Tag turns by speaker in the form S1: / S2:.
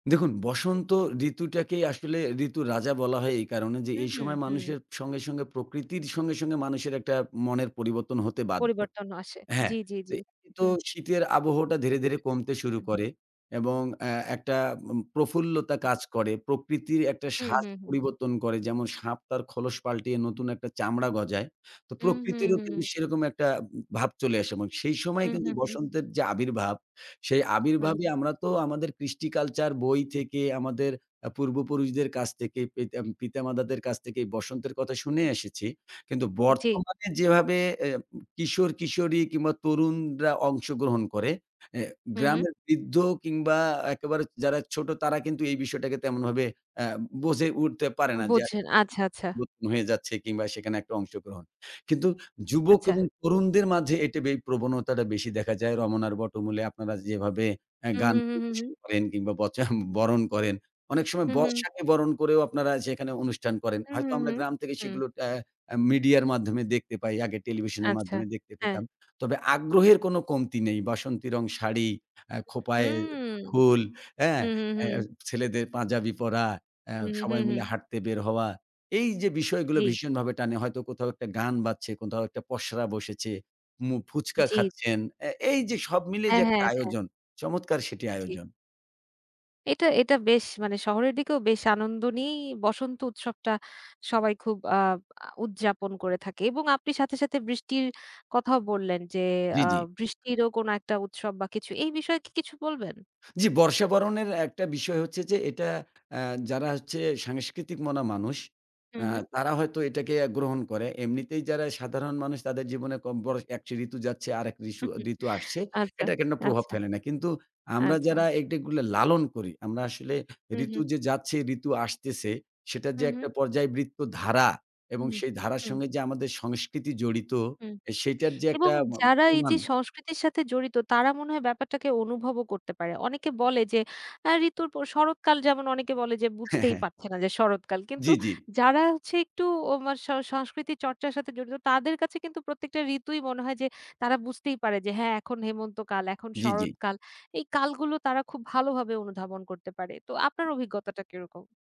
S1: দেখুন, বসন্ত ঋতুটাকেই আসলে ঋতুর রাজা বলা হয় এই কারণে যে,
S2: হু,
S1: এই
S2: হু,
S1: সময়
S2: হু।
S1: মানুষের সঙ্গে, সঙ্গে প্রকৃতির সঙ্গে, সঙ্গে মানুষের একটা মনের পরিবর্তন হতে বাধ্য।
S2: পরিবর্তন আসে।
S1: হ্যাঁ,
S2: জি, জি,
S1: তো,
S2: জি।
S1: তো
S2: হু।
S1: শীতের আবহটা ধীরে, ধীরে কমতে শুরু
S2: উম
S1: করে এবং অ্যা একটা উম প্রফুল্লতা কাজ করে। প্রকৃতির একটা সাজ
S2: উহু, হু।
S1: পরিবর্তন করে, যেমন সাপ তার খোলস পাল্টিয়ে নতুন একটা চামড়া গজায়। তো
S2: উম হু,
S1: প্রকৃতিরও
S2: হুম।
S1: কিন্তু সেরকম একটা উম ভাব চলে আসে এমন। সেই সময়
S2: হু,
S1: কিন্তু
S2: হু, হু।
S1: বসন্তের যে আবির্ভাব, সেই
S2: হুম।
S1: আবির্ভাবই আমরা তো আমাদের কৃষ্টি-কালচার, বই থেকে, আমাদের অ্যা পূর্বপুরুষদের কাছ থেকে, পিতা ম পিতামাতাদের কাছ থেকে বসন্তের কথা শুনে এসেছি। কিন্তু
S2: জি।
S1: বর্তমানে যেভাবে অ্যা কিশোর-কিশোরী কিংবা তরুণরা অংশগ্রহণ করে, অ্যা
S2: হুম, হু।
S1: গ্রামের বৃদ্ধ কিংবা একেবারে যারা ছোট, তারা কিন্তু এই বিষয়টাকে তেমনভাবে আ বুঝে উঠতে পারে না যে আস
S2: বুঝেন আচ্ছা, আচ্ছা।
S1: নতুন হয়ে যাচ্ছে কিংবা সেখানে একটা অংশগ্রহণ। কিন্তু যুবক
S2: আচ্ছা।
S1: এবং তরুণদের মাঝে এটি বেশ প্রবণতাটা বেশি দেখা যায়। রমনার বটমূলে আপনারা যেভাবে আ
S2: উহু,
S1: গান
S2: হু, হু, হু।
S1: পরিবেশন করেন কিংবা বচা বরণ করেন। অনেক সময়
S2: হু, হু।
S1: বর্ষাকে বরণ করেও আপনারা সেখানে অনুষ্ঠান করেন। হয়তো
S2: উহু,
S1: আমরা
S2: হু,
S1: গ্রাম থেকে
S2: হু।
S1: সেগুলো ট্যাঁ অ্যা মিডিয়ার মাধ্যমে দেখতে পাই। আগে টেলিভিশনের
S2: আচ্ছা,
S1: মাধ্যমে দেখতে
S2: হ্যাঁ।
S1: পেতাম। তবে আগ্রহের কোনো কমতি নেই। বাসন্তী রং শাড়ি, আ খোঁপায়
S2: উম
S1: ফুল, হ্যাঁ?
S2: উহু, হু, হু।
S1: অ্যা ছেলেদের পাঞ্জাবি পরা, অ্যা
S2: উহু, হু,
S1: সবাই
S2: হু।
S1: মিলে হাঁটতে বের হওয়া। এই যে বিষয়গুলো,
S2: জি।
S1: ভীষণভাবে টানে। হয়তো কোথাও একটা গান বাজছে, কোথাও একটা পসরা বসেছে, মু ফুচকা
S2: জি।
S1: খাচ্ছেন। অ্যা এই যে সব মিলে
S2: হ্যাঁ,
S1: যে একটা
S2: হ্যাঁ, হ্যাঁ।
S1: আয়োজন, চমৎকার সেটি
S2: জি।
S1: আয়োজন।
S2: এটা, এটা বেশ মানে শহরের দিকেও বেশ আনন্দ নিয়েই বসন্ত উৎসবটা সবাই খুব আ উদযাপন করে থাকে। এবং আপনি সাথে, সাথে বৃষ্টির কথাও বললেন যে,
S1: জি,
S2: আ
S1: জি।
S2: বৃষ্টিরও কোনো একটা উৎসব বা কিছু। এই বিষয়ে কি কিছু বলবেন?
S1: জি, বর্ষা বরণের একটা বিষয় হচ্ছে যে, এটা আ যারা হচ্ছে সাংস্কৃতিক মনা মানুষ, আ
S2: উহু।
S1: তারা হয়তো এটাকে অ্যা গ্রহণ করে। এমনিতেই যারা সাধারণ মানুষ, তাদের জীবনে কম বড় একশো ঋতু যাচ্ছে, আরেক রিসু ঋতু আসছে।
S2: আচ্ছা,
S1: এটা কেন প্রভাব
S2: আচ্ছা।
S1: ফেলে না। কিন্তু আমরা
S2: আচ্ছা।
S1: যারা এগ এগুলো লালন করি, আমরা আসলে ঋতু
S2: উহু।
S1: যে যাচ্ছে, ঋতু আসতেছে, সেটার যে একটা
S2: উহু।
S1: পর্যায়ে বৃত্তধারা এবং
S2: উহু,
S1: সেই ধারার
S2: হুম।
S1: সঙ্গে যে আমাদের সংস্কৃতি জড়িত,
S2: উম
S1: সেটার যে একটা
S2: এবং
S1: ম
S2: যারা এই যে
S1: প্রমাণ
S2: সংস্কৃতির সাথে জড়িত, তারা মনে হয় ব্যাপারটাকে অনুভবও করতে পারে। অনেকে বলে যে, আ ঋতুর প শরৎকাল যেমন অনেকে বলে যে,
S1: হ্যাঁ,
S2: বুঝতেই
S1: হ্যাঁ।
S2: পারছে না যে শরৎকাল। কিন্তু
S1: জি, জি।
S2: যারা হচ্ছে একটু [unintelligible] স সংস্কৃতি চর্চার সাথে জড়িত তাদের কাছে কিন্তু প্রত্যেকটা ঋতুই মনে হয় যে, তারা বুঝতেই পারে যে "হ্যাঁ, এখন হেমন্ত কাল, এখন
S1: জি, জি।
S2: শরৎকাল।" এই কালগুলো তারা খুব ভালোভাবে অনুধাবন করতে পারে। তো আপনার অভিজ্ঞতাটা কিরকম?